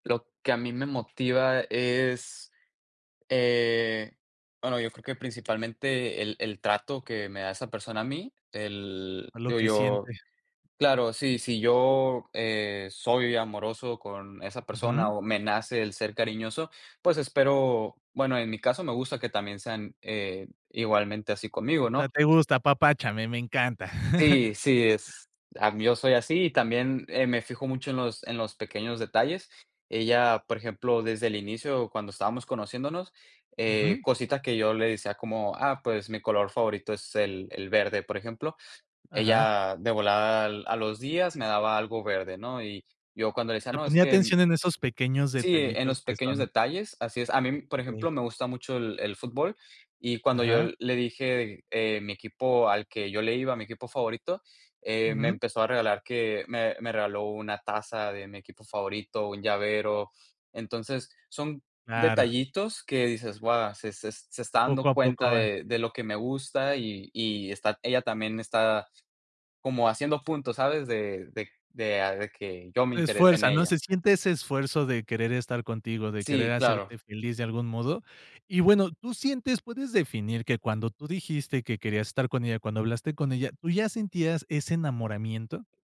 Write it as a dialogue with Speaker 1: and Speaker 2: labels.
Speaker 1: Lo que a mí me motiva es, eh, bueno, yo creo que principalmente el el trato que me da esa persona a mí. El
Speaker 2: A lo
Speaker 1: digo
Speaker 2: que siente.
Speaker 1: yo, claro, si si yo, eh, soy amoroso con esa persona
Speaker 2: Ujú.
Speaker 1: o me nace el ser cariñoso, pues espero, bueno, en mi caso, me gusta que también sean, eh, igualmente así conmigo,
Speaker 2: O sea,
Speaker 1: ¿no?
Speaker 2: te gusta, apapáchame, me encanta.
Speaker 1: Sí, sí, es a mí yo soy así y también, eh, me fijo mucho en los en los pequeños detalles. Ella, por ejemplo, desde el inicio, cuando estábamos conociéndonos, eh,
Speaker 2: Ujú.
Speaker 1: cositas que yo le decía, como: "Ah, pues mi color favorito es el el verde, por ejemplo".
Speaker 2: Ajá.
Speaker 1: Ella de volada, a a los días, me daba algo verde, ¿no? Y yo, cuando le decía:
Speaker 2: Te
Speaker 1: "No, es
Speaker 2: ponía
Speaker 1: que".
Speaker 2: atención en esos pequeños
Speaker 1: Sí, en
Speaker 2: detallitos
Speaker 1: los
Speaker 2: que
Speaker 1: pequeños
Speaker 2: son
Speaker 1: detalles Así es. A mí, por ejemplo,
Speaker 2: Okey.
Speaker 1: me gusta mucho el el fútbol y, cuando yo
Speaker 2: Ajá.
Speaker 1: le dije, eh, mi equipo al que yo le iba, mi equipo favorito, eh, me
Speaker 2: Ujú.
Speaker 1: empezó a regalar que me me regaló una taza de mi equipo favorito, un llavero. Entonces, son
Speaker 2: Claro.
Speaker 1: detallitos que dices: "Buah, se es se está dando
Speaker 2: Poco a
Speaker 1: cuenta
Speaker 2: poco van.
Speaker 1: de de lo que me gusta". Y y está ella también está como haciendo puntos, ¿sabes? De de de de que yo me
Speaker 2: Se
Speaker 1: interese en
Speaker 2: esfuerza, ¿no?
Speaker 1: ella.
Speaker 2: Se siente ese esfuerzo de querer estar contigo, de querer
Speaker 1: Sí, claro.
Speaker 2: hacerte feliz de algún modo. Y bueno, ¿tú sientes puedes definir que cuando tú dijiste que querías estar con ella, cuando hablaste con ella, tú ya sentías ese enamoramiento?